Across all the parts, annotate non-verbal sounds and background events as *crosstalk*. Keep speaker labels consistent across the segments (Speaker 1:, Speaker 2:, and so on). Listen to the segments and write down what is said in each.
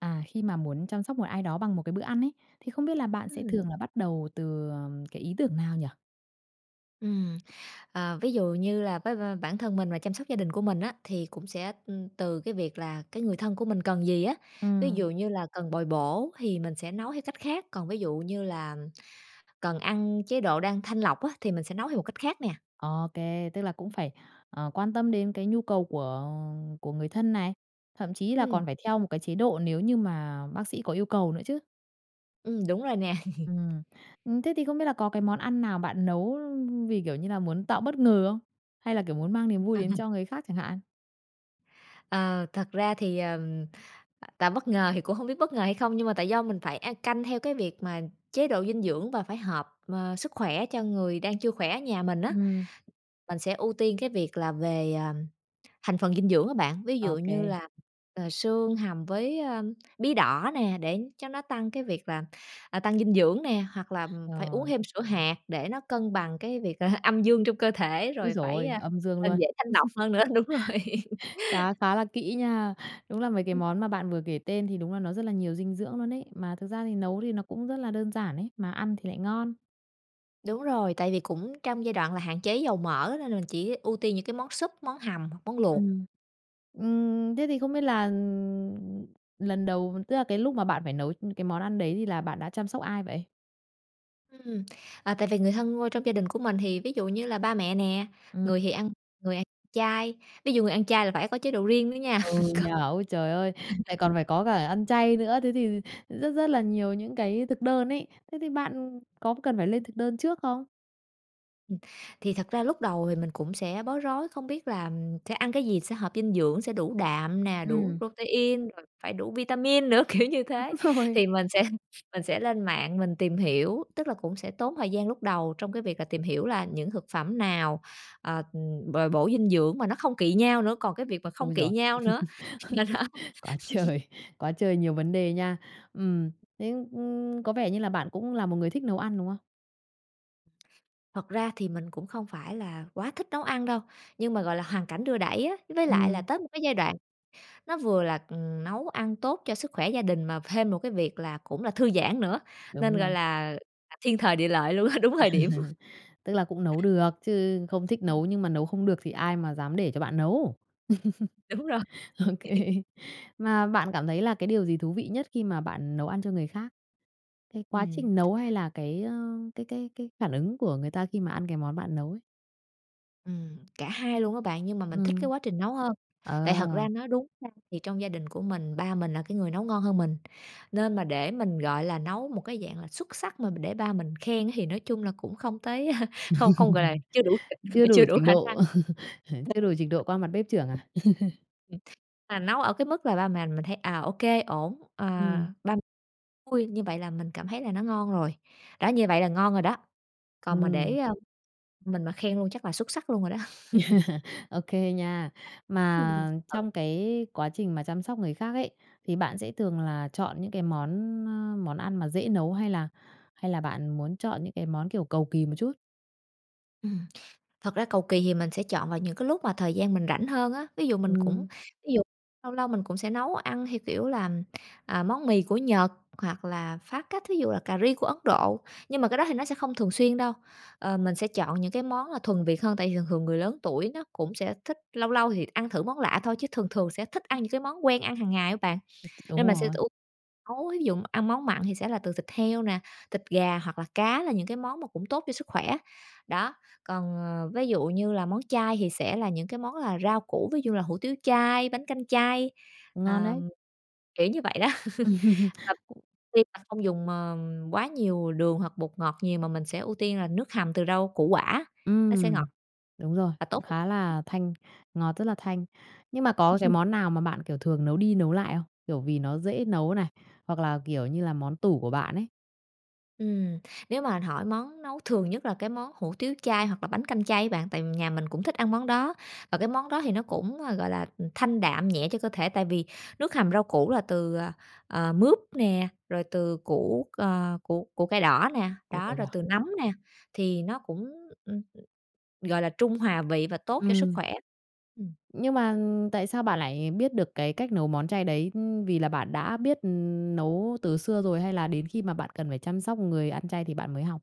Speaker 1: À, khi mà muốn chăm sóc một ai đó bằng một cái bữa ăn ấy, thì không biết là bạn sẽ
Speaker 2: Ừm.
Speaker 1: thường là bắt đầu từ, ờ, cái ý tưởng nào nhỉ?
Speaker 2: Ừm, ờ, ví dụ như là với b bản thân mình và chăm sóc gia đình của mình á, thì cũng sẽ từ cái việc là cái người thân của mình cần gì á. Ví
Speaker 1: Ừm.
Speaker 2: dụ như là cần bồi bổ thì mình sẽ nấu theo cách khác, còn ví dụ như là cần ăn chế độ đang thanh lọc á, thì mình sẽ nấu theo một cách khác nè.
Speaker 1: Ô kê, tức là cũng phải, ờ, quan tâm đến cái nhu cầu của của người thân này, thậm chí là
Speaker 2: Ừm.
Speaker 1: còn phải theo một cái chế độ nếu như mà bác sĩ có yêu cầu nữa chứ.
Speaker 2: Ừm, đúng rồi nè. *laughs*
Speaker 1: Ừm. Ừm, thế thì không biết là có cái món ăn nào bạn nấu vì kiểu như là muốn tạo bất ngờ không? Hay là kiểu muốn mang niềm vui
Speaker 2: Ờ,
Speaker 1: đến
Speaker 2: ừm.
Speaker 1: cho người khác chẳng hạn?
Speaker 2: Ờ, thật ra thì, ờ, tạo bất ngờ thì cũng hông biết bất ngờ hay hông nhưng mà tại do mình phải ăn canh theo cái việc mà chế độ dinh dưỡng và phải hợp, ờ, sức khỏe cho người đang chưa khỏe ở nhà mình á.
Speaker 1: Ừm.
Speaker 2: Mình sẽ ưu tiên cái việc là về, à, thành phần dinh dưỡng á bạn, ví
Speaker 1: Ô
Speaker 2: dụ như
Speaker 1: kê.
Speaker 2: là, ờ, xương hầm với, ơ, bí đỏ nè, để cho nó tăng cái việc là, à, tăng dinh dưỡng nè, hoặc là phải uống
Speaker 1: Rồi.
Speaker 2: thêm sữa hạt để nó cân bằng cái việc *chuckles* âm dương trong cơ thể
Speaker 1: Ôi
Speaker 2: rồi
Speaker 1: trời
Speaker 2: phải,
Speaker 1: ôi, âm dương
Speaker 2: ờ,
Speaker 1: luôn!
Speaker 2: dễ thanh lọc hơn nữa. Đúng rồi.
Speaker 1: *laughs* Cá khá là kỹ nha, đúng là mấy cái
Speaker 2: Ừm.
Speaker 1: món mà bạn vừa kể tên thì đúng là nó rất là nhiều dinh dưỡng luôn ấy. Mà thực ra thì nấu thì nó cũng rất là đơn giản ấy, mà ăn thì lại ngon.
Speaker 2: Đúng rồi, tại vì cũng trong giai đoạn là hạn chế dầu mỡ nên là mình chỉ ưu tiên những cái món súp, món hầm hoặc món luộc.
Speaker 1: Ừm. Ừm, thế thì không biết là lần đầu, tức là cái lúc mà bạn phải nấu cái món ăn đấy thì là bạn đã chăm sóc ai vậy?
Speaker 2: Ừm, ờ, tại vì người thân qua trong gia đình của mình thì ví dụ như là ba mẹ nè,
Speaker 1: Ừm.
Speaker 2: người thì ăn người ăn chay. Ví dụ người ăn chay là phải có chế độ riêng nữa nha
Speaker 1: Ừ
Speaker 2: *laughs* còn
Speaker 1: nhỉ? Ôi trời ơi! Lại
Speaker 2: Ừm.
Speaker 1: còn phải có cả ăn chay nữa, thế thì thì rất rất là nhiều những cái thực đơn ấy. Thế thì bạn có cần phải lên thực đơn trước không?
Speaker 2: Ừm, thì thật ra lúc đầu thì mình cũng sẽ bối rối, không biết là, ừm, sẽ ăn cái gì sẽ hợp dinh dưỡng, sẽ đủ đạm nè, đủ
Speaker 1: Ừm.
Speaker 2: protein, rồi phải đủ vitamin nữa, kiểu như
Speaker 1: Đúng
Speaker 2: thế.
Speaker 1: rồi.
Speaker 2: Thì mình sẽ mình sẽ lên mạng mình tìm hiểu, tức là cũng sẽ tốn thời gian lúc đầu trong cái việc là tìm hiểu là những thực phẩm nào, ờ, bồi bổ dinh dưỡng mà nó không kỵ nhau nữa, còn cái việc mà không
Speaker 1: Ôi
Speaker 2: kỵ
Speaker 1: giời!
Speaker 2: nhau nữa, nên đó.
Speaker 1: *laughs* Quá
Speaker 2: *laughs*
Speaker 1: trời quá trời nhiều vấn đề nha. Ừm, thế, ưm, có vẻ như là bạn cũng là một người thích nấu ăn, đúng không?
Speaker 2: Thật ra thì mình cũng không phải là quá thích nấu ăn đâu, nhưng mà, gọi là, hoàn cảnh đưa đẩy á. Với lại là
Speaker 1: Ừm.
Speaker 2: tới một cái giai đoạn nó vừa là, ừm, nấu ăn tốt cho sức khỏe gia đình mà thêm một cái việc là cũng là thư giãn nữa, nên
Speaker 1: Đúng
Speaker 2: gọi
Speaker 1: rồi.
Speaker 2: là thiên thời địa lợi luôn á, đúng thời điểm.
Speaker 1: *laughs* Tức là cũng nấu được, chứ không thích
Speaker 2: *unintelligible*
Speaker 1: nấu nhưng mà nấu không được thì ai mà dám để cho bạn nấu.
Speaker 2: Đúng rồi.
Speaker 1: *laughs* OK.
Speaker 2: *laughs*
Speaker 1: Mà bạn cảm thấy là cái điều gì thú vị nhất khi mà bạn nấu ăn cho người khác? Cái quá
Speaker 2: Ừm.
Speaker 1: trình nấu hay là cái, ơ, cái cái cái phản ứng của người ta khi mà ăn cái món bạn nấu ấy?
Speaker 2: Ừm, cả hai luôn á bạn, nhưng mà mình thích cái
Speaker 1: Ừm.
Speaker 2: quá trình nấu hơn. Tại thật ra
Speaker 1: Ờ.
Speaker 2: nói đúng ra thì trong gia đình của mình, ba mình là cái người nấu ngon hơn mình. Nên mà để mình, gọi là, nấu một cái dạng là xuất sắc mà để ba mình khen thì nói chung là cũng không tới *laughs* không không gọi là,
Speaker 1: *laughs*
Speaker 2: chưa đủ
Speaker 1: Chưa
Speaker 2: trình,
Speaker 1: đủ
Speaker 2: chưa đủ
Speaker 1: trình
Speaker 2: khả năng.
Speaker 1: độ, *laughs* chưa đủ trình độ qua
Speaker 2: *unintelligible*
Speaker 1: mặt bếp trưởng à? *laughs*
Speaker 2: Ừm. Mà nấu ở cái mức là ba mẹ mình thấy, à, ô kê ổn, ờ,
Speaker 1: Ừm.
Speaker 2: ba m vui như vậy là mình cảm thấy là nó ngon rồi. Đó, như vậy là ngon rồi đó. Còn mà
Speaker 1: Ừm.
Speaker 2: để, ờ, mình mà khen luôn chắc là xuất sắc luôn rồi đó. *laughs*
Speaker 1: *laughs* Ô kê nha.
Speaker 2: Ừm, mình
Speaker 1: Mà
Speaker 2: sẽ thử.
Speaker 1: trong cái quá trình mà chăm sóc người khác ấy, thì bạn sẽ thường là chọn những cái món, ơ, món ăn mà dễ nấu hay là hay là bạn muốn chọn những cái món, kiểu, cầu kỳ một chút?
Speaker 2: Ừm. Thật ra cầu kỳ thì mình sẽ chọn vào những cái lúc mà thời gian mình rảnh hơn á, ví dụ mình cũng
Speaker 1: Ừm.
Speaker 2: ví dụ lâu lâu mình cũng sẽ nấu ăn theo kiểu là, à, món mì của Nhật, hoặc là phá cách, thí dụ là cà ri của Ấn Độ, nhưng mà cái đó thì nó sẽ không thường xuyên đâu. Ờ, mình sẽ chọn những cái món là thuần Việt hơn, tại vì thường thường người lớn tuổi nó cũng sẽ thích lâu lâu thì t ăn thử món lạ thôi, chứ thường thường sẽ thích ăn những cái món quen ăn hằng ngày á bạn.
Speaker 1: Ừm, ch
Speaker 2: Nên
Speaker 1: đúng
Speaker 2: mình sẽ
Speaker 1: rồi.
Speaker 2: ưu nấu, thí dụ ăn món mặn thì sẽ là từ thịt heo nè, thịt gà hoặc là cá, là những cái món mà cũng tốt cho sức khỏe. Đó, còn, ờ, ví dụ như là món chay thì sẽ là những cái món là rau củ, ví dụ như là hủ tiếu chay, bánh canh chay,
Speaker 1: Ngon đấy.
Speaker 2: ờm, kiểu như vậy đó.
Speaker 1: Ừm,
Speaker 2: *laughs* Và
Speaker 1: cũng
Speaker 2: khi mà không dùng, ờ, quá nhiều đường hoặc bột ngọt nhiều mà mình sẽ ưu tiên là nước hầm từ rau củ quả, nó sẽ ngọt
Speaker 1: Ừm. Đúng rồi,
Speaker 2: và tốt
Speaker 1: cũng
Speaker 2: cho s
Speaker 1: khá
Speaker 2: khoẻ.
Speaker 1: là thanh, ngọt rất là thanh. Nhưng mà có cái
Speaker 2: *laughs*
Speaker 1: món nào mà bạn, kiểu, thường nấu đi nấu lại không? Kiểu, vì nó dễ nấu này, hoặc là, kiểu như là, món tủ của bạn ấy?
Speaker 2: Ừm, nếu mà hỏi món nấu thường nhất là cái món hủ tiếu chay hoặc là bánh canh chay á bạn, tại nhà mình cũng thích ăn món đó. Và cái món đó thì nó cũng, ờ, gọi là thanh đạm, nhẹ cho cơ thể tại vì nước hầm rau củ là từ, ờ, ờ, mướp nè, rồi từ củ, ờ, củ củ cải đỏ nè,
Speaker 1: Củ
Speaker 2: đó,
Speaker 1: cải
Speaker 2: rồi
Speaker 1: đỏ.
Speaker 2: từ nấm nè, thì nó cũng, ừm, gọi là trung hòa vị và tốt cho sức
Speaker 1: Ừm.
Speaker 2: khỏe. Ừm.
Speaker 1: Nhưng mà tại sao bạn lại biết được cái cách nấu món chay đấy? Ưm, vì là bạn đã biết nấu từ xưa rồi hay là đến khi mà bạn cần phải chăm sóc người ăn chay thì bạn mới học?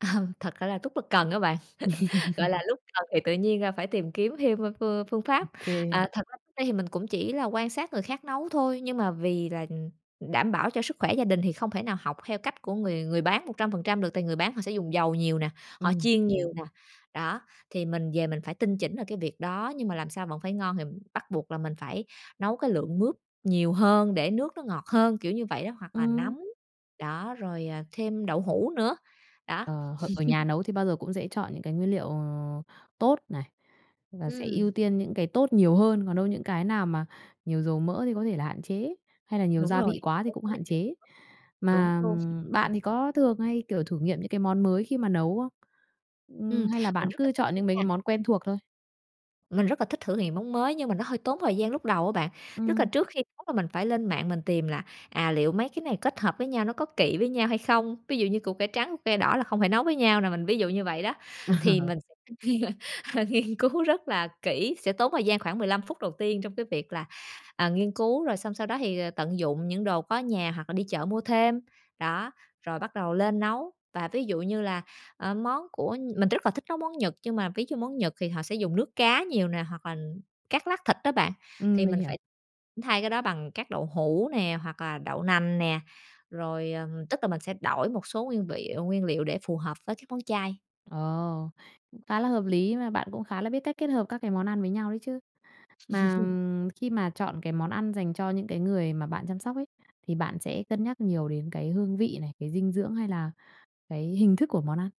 Speaker 2: *laughs* Thật ra là lúc đó cần á bạn. *laughs* Gọi là
Speaker 1: *laughs*
Speaker 2: lúc cần thì tự nhiên, a, phải tìm kiếm thêm, ơ, phương phương pháp.
Speaker 1: OK.
Speaker 2: À, thật ra lúc đấy thì mình cũng chỉ là quan sát người khác nấu thôi, nhưng mà vì là, ừm, đảm bảo cho sức khỏe gia đình thì không thể nào học theo cách của người người bán 100% được tại người bán họ sẽ dùng dầu nhiều nè, họ
Speaker 1: Ừm.
Speaker 2: chiên
Speaker 1: Hợp lý.
Speaker 2: nhiều nè, đó. Thì mình về mình phải tinh chỉnh ở cái việc đó, nhưng mà làm sao vẫn phải ngon thì bắt buộc là mình phải nấu cái lượng mướp nhiều hơn để nước nó ngọt hơn, kiểu như vậy đó, hoặc là
Speaker 1: Ừm.
Speaker 2: nấm, đó, rồi, ờ, thêm đậu hũ nữa, đó.
Speaker 1: Ờ, h ở
Speaker 2: *laughs*
Speaker 1: nhà nấu thì bao giờ cũng dễ chọn những cái nguyên liệu tốt này, và sẽ
Speaker 2: Ừm.
Speaker 1: ưu tiên những cái tốt nhiều hơn, còn đâu những cái nào mà nhiều dầu mỡ thì có thể là hạn chế, hay là nhiều
Speaker 2: Đúng
Speaker 1: gia
Speaker 2: rồi.
Speaker 1: vị quá thì cũng hạn
Speaker 2: *unintelligible*
Speaker 1: chế.
Speaker 2: Đúng
Speaker 1: Mà
Speaker 2: luôn.
Speaker 1: bạn thì có thường hay, kiểu, thử nghiệm những cái món mới khi mà nấu không? Ừm,
Speaker 2: Ừm,
Speaker 1: hay là
Speaker 2: mình
Speaker 1: bạn
Speaker 2: rất là
Speaker 1: cứ
Speaker 2: thích
Speaker 1: chọn
Speaker 2: luôn
Speaker 1: những mấy
Speaker 2: nha.
Speaker 1: cái món quen thuộc thôi?
Speaker 2: Mình rất là thích thử nghiệm món mới nhưng mà nó hơi tốn thời gian lúc đầu á bạn. Tức là
Speaker 1: Ừm.
Speaker 2: trước khi nấu là mình phải lên mạng mình tìm là, à, liệu mấy cái này kết hợp với nhau nó có kỵ với nhau hay không, ví dụ như củ cải trắng, củ cải đỏ là không thể nấu với nhau nè, mình ví dụ như vậy đó. Thì
Speaker 1: Ờ.
Speaker 2: mình sẽ *laughs* nghiên cứu rất là kỹ, sẽ tốn thời gian khoảng 15 phút đầu tiên trong cái việc là, ờ, nghiên cứu, rồi xong sau đó thì tận dụng những đồ có ở nhà hoặc là đi chợ mua thêm. Đó, rồi bắt đầu lên nấu và ví dụ như là, ờ, món của mình rất là thích nấu món Nhật nhưng mà ví dụ món Nhật thì họ sẽ dùng nước cá nhiều nè hoặc là cắt lát thịt á bạn.
Speaker 1: Ừm,
Speaker 2: Thì
Speaker 1: mình
Speaker 2: mình phải
Speaker 1: hiểu.
Speaker 2: thay cái đó bằng các đậu hũ nè hoặc là đậu nành nè, rồi ờ, tức là mình sẽ đổi một số nguyên vị nguyên liệu để phù hợp với các món chay.
Speaker 1: Ờ. Cũng khá là hợp lý. Mà bạn cũng khá là biết cách kết hợp các cái món ăn với nhau đấy chứ. Mà,
Speaker 2: *laughs*
Speaker 1: ừm, khi mà chọn cái món ăn dành cho những cái người mà bạn chăm sóc ấy, thì bạn sẽ cân nhắc nhiều đến cái hương vị này, cái dinh dưỡng hay là cái hình thức của món ăn?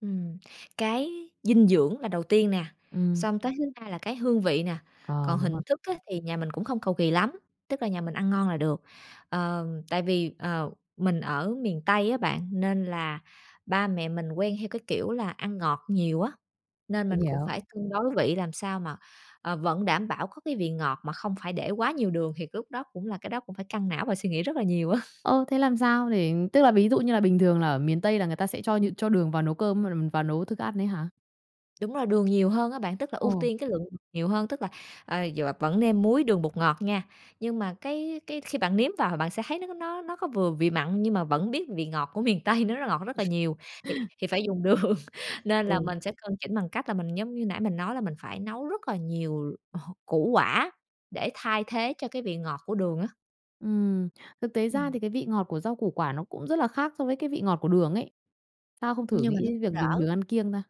Speaker 2: Ừm, cái dinh dưỡng là đầu tiên nè,
Speaker 1: Ừm.
Speaker 2: xong tới thứ hai là cái hương vị nè,
Speaker 1: Ờ,
Speaker 2: còn
Speaker 1: đúng rồi.
Speaker 2: hình thức á thì nhà mình cũng không cầu kì lắm, tức là nhà mình ăn ngon là được. Ờ, tại vì, ờ, mình ở miền Tây á bạn, nên là ba mẹ mình quen theo cái kiểu là ăn ngọt nhiều á, nên
Speaker 1: Mình
Speaker 2: mình cũng
Speaker 1: hiểu.
Speaker 2: phải cân đối vị làm sao mà, ờ, vẫn đảm bảo có cái vị ngọt mà không phải để quá nhiều đường, thì lúc đó cũng là cái đó cũng phải căng não và suy nghĩ rất là nhiều á.
Speaker 1: Ơ, thế làm sao để tức là, ví dụ như là bình thường là ở miền Tây là người ta sẽ cho những cho đường vào nấu cơm v vào nấu thức ăn ấy hả?
Speaker 2: Đúng rồi, đường nhiều hơn á, bạn, tức là ưu
Speaker 1: Ồ.
Speaker 2: tiên cái lượng đường nhiều hơn. Tức là, ờ, dọa vẫn nêm muối, đường, bột ngọt nha, nhưng mà cái cái khi bạn nếm vào thì bạn sẽ thấy nó nó nó có vừa vị mặn nhưng mà vẫn biết vị ngọt của miền Tây nó rất ngọt, rất là nhiều, thì
Speaker 1: *laughs*
Speaker 2: thì phải dùng đường. Nên là
Speaker 1: Ừ.
Speaker 2: mình sẽ cân chỉnh bằng cách là mình giống như nãy mình nói là mình phải nấu rất là nhiều, ờ, củ quả để thay thế cho cái vị ngọt của đường á.
Speaker 1: Ừm, thực tế ra
Speaker 2: Ừm.
Speaker 1: thì cái vị ngọt của rau củ quả nó cũng rất là khác so với cái vị ngọt của đường ấy. Sao không thử
Speaker 2: Nhưng mà
Speaker 1: nghĩ
Speaker 2: nó
Speaker 1: đến
Speaker 2: cũng
Speaker 1: việc dùng đường
Speaker 2: đỡ.
Speaker 1: ăn kiêng ta?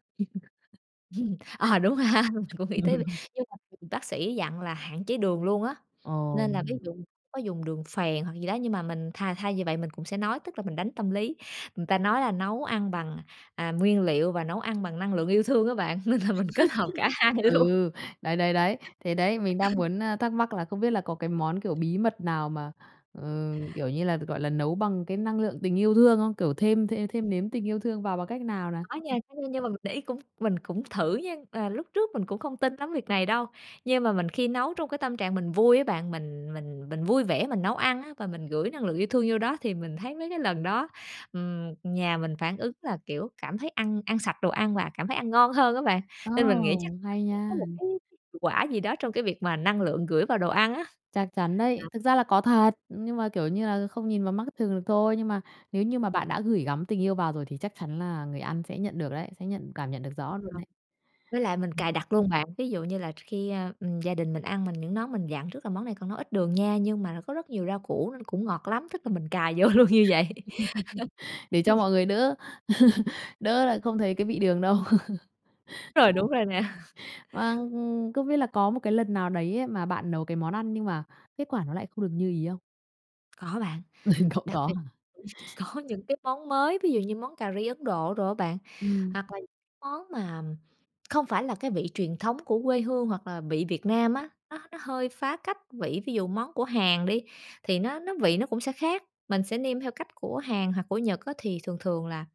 Speaker 2: Ừm, Ờ, đúng rồi ha, mình cũng nghĩ tới việc
Speaker 1: *laughs*
Speaker 2: nhưng mà *unintelligible* bác sĩ dặn là hạn chế đường luôn á.
Speaker 1: Ồ.
Speaker 2: Nên là ví dụ có dùng đường phèn hoặc gì đó nhưng mà mình thay thay vì vậy mình cũng sẽ nói tức là mình đánh tâm lý. Người ta nói là nấu ăn bằng, à, nguyên liệu và nấu ăn bằng năng lượng yêu thương á bạn, nên là mình kết hợp cả
Speaker 1: *laughs*
Speaker 2: hai luôn.
Speaker 1: Ừ, đấy, đấy, đấy. Thế đấy, mình đang
Speaker 2: *laughs*
Speaker 1: muốn, ơ, thắc mắc là không biết là có cái món, kiểu, bí mật nào mà, ừ, kiểu như là, gọi là, nấu bằng cái năng lượng tình yêu thương không? Kiểu thêm thêm thêm nếm tình yêu thương vào bằng cách nào nè?
Speaker 2: Có nha, có nha, nhưng mà mình để ý cũng mình cũng thử nha. À, lúc trước mình cũng không tin lắm việc này đâu, nhưng mà mình khi nấu trong cái tâm trạng mình vui á, bạn, mình mình mình vui vẻ mình nấu ăn á, và mình gửi năng lượng yêu thương vô đó thì mình thấy mấy cái lần đó, ừm, nhà mình phản ứng là, kiểu, cảm thấy ăn ăn sạch đồ ăn và cảm thấy ăn ngon hơn á bạn.
Speaker 1: Ồ,
Speaker 2: Nên mình nghĩ chắc nó
Speaker 1: hay
Speaker 2: cũng
Speaker 1: nha!
Speaker 2: có một cái cái hiệu quả gì đó trong cái việc mà năng lượng gửi vào đồ ăn á.
Speaker 1: Chắc chắn đấy!
Speaker 2: Ừm.
Speaker 1: Thực ra là có thật, nhưng mà, kiểu như là, không nhìn bằng mắt thường được thôi. Nhưng mà nếu như mà bạn đã gửi gắm tình yêu vào rồi thì chắc chắn là người ăn sẽ nhận được đấy, sẽ nhận cảm nhận được rõ luôn ấy.
Speaker 2: *unintelligible* Với lại mình cài đặt luôn bạn, ví dụ như là tr khi, à, ừm, gia đình mình ăn mình những món mình dặn trước là: "Món này con nấu ít đường nha, nhưng mà là có rất nhiều rau củ nên cũng ngọt lắm", tức là, mình cài vô luôn như vậy.
Speaker 1: *laughs* Để cho
Speaker 2: *laughs*
Speaker 1: mọi người đỡ *laughs* đỡ là không thấy cái vị đường đâu. Ờ.
Speaker 2: Rồi, đúng rồi nè.
Speaker 1: Vâng, không biết là có một cái lần nào đấy mà bạn nấu cái món ăn nhưng mà kết quả nó lại không được như ý không?
Speaker 2: Có bạn.
Speaker 1: *laughs* Cũng
Speaker 2: Đặc
Speaker 1: có
Speaker 2: biệt,
Speaker 1: hả?
Speaker 2: ừ, có những cái món mới, ví dụ như món cà ri Ấn Độ đồ á bạn,
Speaker 1: Ừm.
Speaker 2: hoặc là nh món mà, ừm, không phải là cái vị truyền thống của quê hương hoặc là vị Việt Nam á, nó nó hơi phá cách vị. Ví dụ món của Hàn đi thì nó nó vị nó cũng sẽ khác, mình sẽ nêm theo cách của Hàn hoặc của Nhật á, thì thường thường là,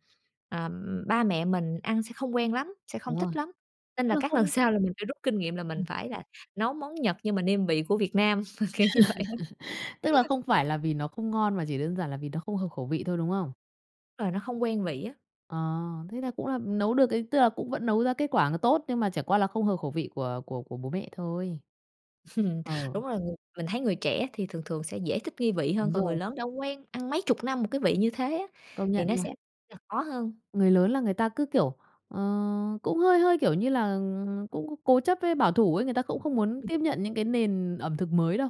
Speaker 2: ờ, ừm, ba mẹ mình ăn sẽ không quen lắm, sẽ không
Speaker 1: Đúng rồi.
Speaker 2: thích lắm. Nên
Speaker 1: Tức
Speaker 2: là
Speaker 1: là
Speaker 2: các lần
Speaker 1: không
Speaker 2: sau là mình sẽ rút kinh nghiệm là mình
Speaker 1: Ừ.
Speaker 2: phải là nấu món Nhật nhưng mà nêm vị của Việt Nam, kiểu như vậy á.
Speaker 1: *laughs* Tức là
Speaker 2: *laughs*
Speaker 1: không phải là vì nó không ngon mà chỉ đơn giản là vì nó không hợp khẩu vị thôi, đúng không?
Speaker 2: Đúng rồi, nó không quen vị á.
Speaker 1: Ờ, thế là cũng là, ừ, nấu được ấy. Tức là cũng vẫn nấu ra kết quả nó tốt, nhưng mà chẳng qua là không hợp khẩu vị của của của bố mẹ thôi.
Speaker 2: *laughs*
Speaker 1: Ờ.
Speaker 2: Đúng rồi, người mình thấy người trẻ thì thường thường sẽ dễ thích nghi vị hơn,
Speaker 1: Đúng
Speaker 2: còn người
Speaker 1: rồi.
Speaker 2: lớn đã quen ăn mấy chục năm một cái vị như thế á,
Speaker 1: Công
Speaker 2: thì
Speaker 1: nhận
Speaker 2: nó
Speaker 1: nha.
Speaker 2: sẽ là khó hơn.
Speaker 1: Người lớn là người ta cứ kiểu ờ, cũng hơi hơi, kiểu như là, ừm, cũng cố chấp với bảo thủ ấy, người ta cũng không muốn
Speaker 2: Ừ.
Speaker 1: tiếp nhận những cái nền ẩm thực mới đâu.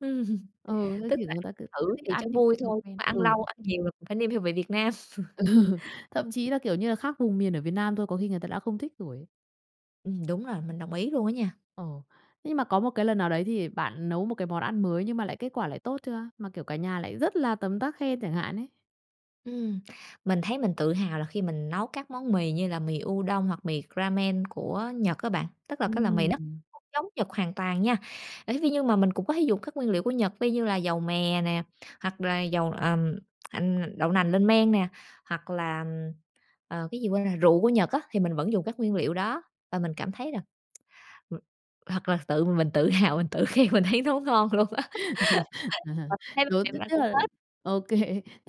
Speaker 2: Ừ.
Speaker 1: Ừ, thế
Speaker 2: Tức
Speaker 1: thì
Speaker 2: là
Speaker 1: người
Speaker 2: ăn
Speaker 1: ta cứ cứ
Speaker 2: thử
Speaker 1: thích
Speaker 2: thì cho
Speaker 1: ăn những
Speaker 2: vui
Speaker 1: cái đồ
Speaker 2: thôi, nhưng
Speaker 1: quen.
Speaker 2: mà ăn
Speaker 1: Ừ.
Speaker 2: lâu ăn nhiều là cũng phải nêm theo vị Việt Nam.
Speaker 1: Ừ,
Speaker 2: *laughs*
Speaker 1: thậm chí là, kiểu như là, khác vùng miền ở Việt Nam thôi có khi người ta đã không thích rồi ấy.
Speaker 2: Ừm, đúng rồi, mình đồng ý luôn á nha.
Speaker 1: Ồ. Thế nhưng mà có một cái lần nào đấy thì bạn nấu một cái món ăn mới nhưng mà lại kết quả lại tốt chưa? Mà kiểu cả nhà lại rất là tấm tắc khen chẳng hạn ấy?
Speaker 2: Ừm, mình thấy mình tự hào là khi mình nấu các món mì, như là mì udon hoặc mì ramen của Nhật á bạn. Tức là các loại mì nó
Speaker 1: Ừm.
Speaker 2: không giống Nhật hoàn toàn nha, ấy thế nhưng mà mình cũng có thể dùng các nguyên liệu của Nhật vi như là dầu mè nè, hoặc là dầu, ờm, ừm, đậu nành lên men nè, hoặc là, ừm, ờ, cái gì quên rồi rượu của Nhật á. Thì mình vẫn dùng các nguyên liệu đó, và mình cảm thấy là *tsk* ừm, hoặc là tự mình tự hào, mình tự khen, mình thấy nó ngon luôn á. *laughs* Và
Speaker 1: *laughs*
Speaker 2: mình thấy bố
Speaker 1: Rồi,
Speaker 2: mẹ
Speaker 1: thứ
Speaker 2: mình ăn
Speaker 1: nhất
Speaker 2: cũng
Speaker 1: là
Speaker 2: hết.
Speaker 1: OK,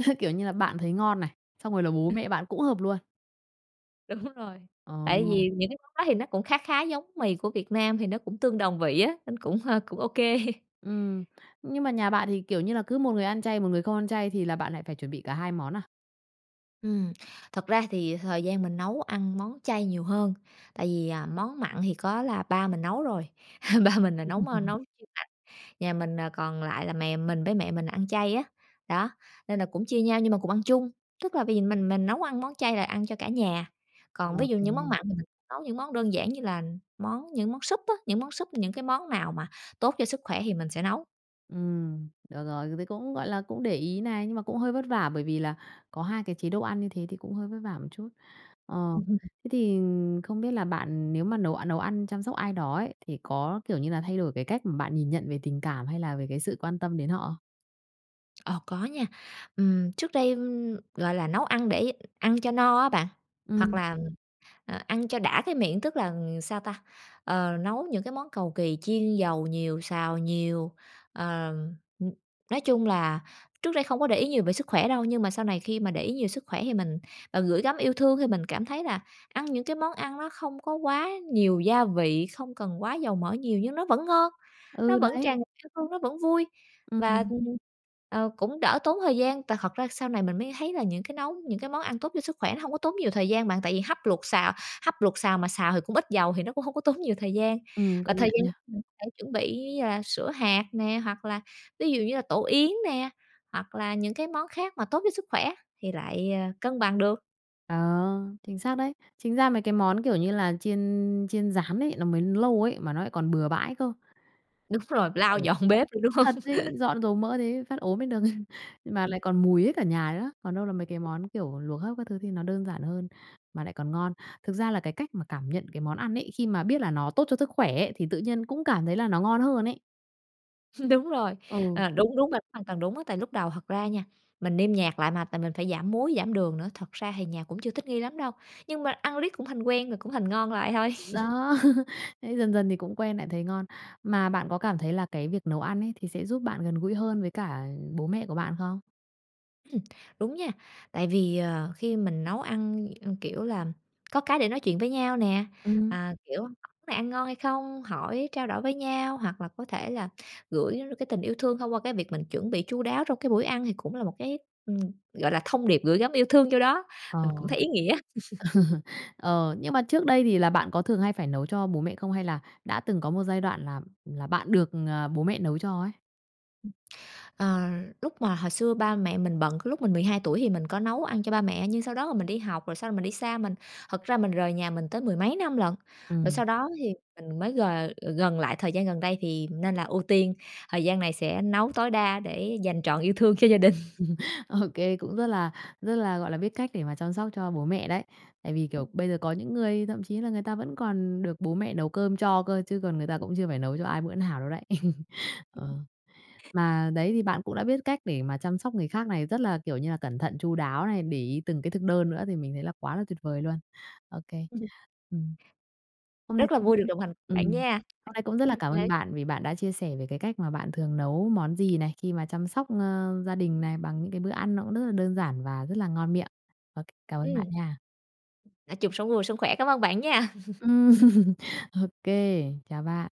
Speaker 1: ơ, kiểu như là bạn thấy ngon này, xong rồi là bố
Speaker 2: Ừ.
Speaker 1: mẹ bạn cũng hợp luôn.
Speaker 2: Đúng rồi,
Speaker 1: Ờ.
Speaker 2: tại vì những cái món đó thì nó cũng khá khá giống mì của Việt Nam, thì nó cũng tương đồng vị á, nó cũng, ờ, cũng OK.
Speaker 1: Ừm. Nhưng mà nhà bạn thì, kiểu như là, cứ một người ăn chay, một người không ăn chay thì là bạn lại phải chuẩn bị cả 2 món à?
Speaker 2: Ừm, thật ra thì thời gian mình nấu ăn món chay nhiều hơn. Tại vì, à, món mặn thì có là ba mình nấu rồi, *laughs* ba mình là nấu, ơ,
Speaker 1: *laughs*
Speaker 2: nấu chuyên mặn. Nhà mình, ờ, còn lại là mẹ mình, với mẹ mình là ăn chay á. Đó, nên là cũng chia nhau nhưng mà cùng ăn chung. Tức là bây giờ mình mình nấu ăn món chay là ăn cho cả nhà, còn ví dụ những món
Speaker 1: OK.
Speaker 2: mặn thì mình nấu những món đơn giản như là món những món súp á, những món súp, những cái món nào mà tốt cho sức khỏe thì mình sẽ nấu.
Speaker 1: Ừm, được rồi. Dù thì cũng, gọi là, cũng để ý này, nhưng mà cũng hơi vất vả bởi vì là có hai cái chế độ ăn như thế thì cũng hơi vất vả một chút. Ờ,
Speaker 2: *laughs*
Speaker 1: thế thì không biết là bạn nếu mà nấu a nấu ăn chăm sóc ai đó ấy, thì có, kiểu như là, thay đổi cái cách mà bạn nhìn nhận về tình cảm hay là về cái sự quan tâm đến họ không?
Speaker 2: Ồ, có nha. Ừm, trước đây, ừm, gọi là, nấu ăn để ăn cho no á bạn, hoặc
Speaker 1: Ừm.
Speaker 2: là, à, ăn cho đã cái miệng, tức là sao ta? Ờ, nấu những cái món cầu kì, chiên dầu nhiều, xào nhiều, ờ, ừm, nói chung là trước đây không có để ý nhiều về sức khỏe đâu. Nhưng mà sau này khi mà để ý nhiều về sức khỏe thì mình, ờ, gửi gắm yêu thương thì mình cảm thấy là ăn những cái món ăn nó không có quá nhiều gia vị, không cần quá dầu mỡ nhiều nhưng nó vẫn ngon, nó
Speaker 1: Ừ,
Speaker 2: vẫn
Speaker 1: đấy.
Speaker 2: tràn ngập yêu thương, nó vẫn vui, và,
Speaker 1: Ừm.
Speaker 2: ừm, ờ, cũng đỡ tốn thời gian. Tại thật ra sau này mình mới thấy là những cái nấu những cái món ăn tốt cho sức khỏe nó hông có tốn nhiều thời gian bạn. Tại vì hấp, luộc, xào hấp, luộc, xào mà xào thì cũng ít dầu thì nó cũng hông có tốn nhiều thời gian.
Speaker 1: Ừm,
Speaker 2: Và
Speaker 1: công
Speaker 2: thời
Speaker 1: nhận
Speaker 2: gian
Speaker 1: nha.
Speaker 2: *unintelligible* để chuẩn bị, ờ, sữa hạt nè, hoặc là ví dụ như là tổ yến nè, hoặc là những cái món khác mà tốt cho sức khỏe thì lại, ờ, cân bằng được.
Speaker 1: Ờ, chính xác đấy. Chính ra mấy cái món, kiểu như là, chiên chiên, rán ấy, nó mới lâu ấy mà nó lại còn bừa bãi cơ.
Speaker 2: Đúng rồi
Speaker 1: Chờ.
Speaker 2: lau dọn bếp nữa, đúng hông?
Speaker 1: Thật đấy,
Speaker 2: *laughs*
Speaker 1: dọn dầu mỡ thế phát ốm lên được *laughs* nhưng mà
Speaker 2: Ừm.
Speaker 1: lại còn mùi hết cả nhà nữa, còn đâu là mấy cái món, kiểu, luộc hấp các thứ thì nó đơn giản hơn, mà lại còn ngon. Thực ra là cái cách mà cảm nhận cái món ăn ấy, khi mà biết là nó tốt cho sức khỏe ấy, thì tự nhiên cũng cảm thấy là nó ngon hơn ấy.
Speaker 2: *laughs* Đúng rồi,
Speaker 1: Ừ.
Speaker 2: à, đúng, đúng bạn, hoàn toàn đúng á, tại lúc đầu thật ra nha, mình nêm nhạt lại mà tại mình phải giảm muối, giảm đường nữa, thật ra thì nhà cũng chưa thích nghi lắm đâu. Nhưng mà ăn riết cũng thành quen rồi cũng thành ngon lại thôi.
Speaker 1: Đúng
Speaker 2: *laughs*
Speaker 1: đó, *laughs* ấy, thế dần dần thì cũng quen lại thấy ngon. Mà bạn có cảm thấy là cái việc nấu ăn ấy thì sẽ giúp bạn gần gũi hơn với cả bố mẹ của bạn không?
Speaker 2: Ừm. Đúng nha, tại vì, ờ, khi mình nấu ăn ăn, kiểu là, có cái để nói chuyện với nhau nè.
Speaker 1: Ừm.
Speaker 2: À, kiểu, món này ăn ngon hay không, hỏi, trao đổi với nhau hoặc là có thể là gửi nó được cái tình yêu thương thông qua cái việc mình chuẩn bị chu đáo trong cái buổi ăn thì cũng là một cái, ừm, gọi là, thông điệp gửi gắm yêu thương vô đó.
Speaker 1: Ờ.
Speaker 2: Mình cũng thấy ý nghĩa. *laughs*
Speaker 1: *laughs* Ờ, nhưng mà trước đây thì là bạn có thường hay phải nấu cho bố mẹ không hay là đã từng có một giai đoạn là là bạn được, ờ, bố mẹ nấu cho ấy?
Speaker 2: Ừm. Ờ, lúc mà hồi xưa ba mẹ mình bận, cái lúc mình 12 tuổi thì mình có nấu ăn cho ba mẹ nhưng sau đó là mình đi học rồi sau rồi mình đi xa, mình thật ra mình rời nhà mình tới mười mấy năm lận, rồi
Speaker 1: Ừm.
Speaker 2: sau đó thì mình mới g gần lại thời gian gần đây thì nên là ưu tiên thời gian này sẽ nấu tối đa để dành trọn yêu thương cho gia đình.
Speaker 1: *laughs* Ô kê, cũng rất là rất là, gọi là, biết cách để mà chăm sóc cho bố mẹ đấy. Tại vì, kiểu, bây giờ có những người thậm chí là người ta vẫn còn được bố mẹ nấu cơm cho cơ chứ còn người ta cũng chưa phải nấu cho ai bữa nào đâu đấy. *laughs* Ờ. Mà đấy, thì bạn cũng đã biết cách để mà chăm sóc người khác này, rất là, kiểu như là, cẩn thận, chu đáo này, để ý từng cái thực đơn nữa thì mình thấy là quá là tuyệt vời luôn. Ô kê.
Speaker 2: Ừm hứm.
Speaker 1: Ừm. Hôm nay
Speaker 2: Rất là
Speaker 1: cũng
Speaker 2: vui được đồng hành
Speaker 1: ừm,
Speaker 2: bạn nha.
Speaker 1: hôm nay cũng rất là cảm ơn
Speaker 2: *unintelligible*
Speaker 1: bạn vì bạn đã chia sẻ về cái cách mà bạn thường nấu món gì này, khi mà chăm sóc, ơ, gia đình này bằng những cái bữa ăn nó cũng rất là đơn giản và rất là ngon miệng. Và c cảm ơn bạn
Speaker 2: Ừm.
Speaker 1: nha.
Speaker 2: Nói chung sống vui, sống khỏe, cám ơn bạn nha. *laughs*
Speaker 1: Ừm. OK, chào bạn.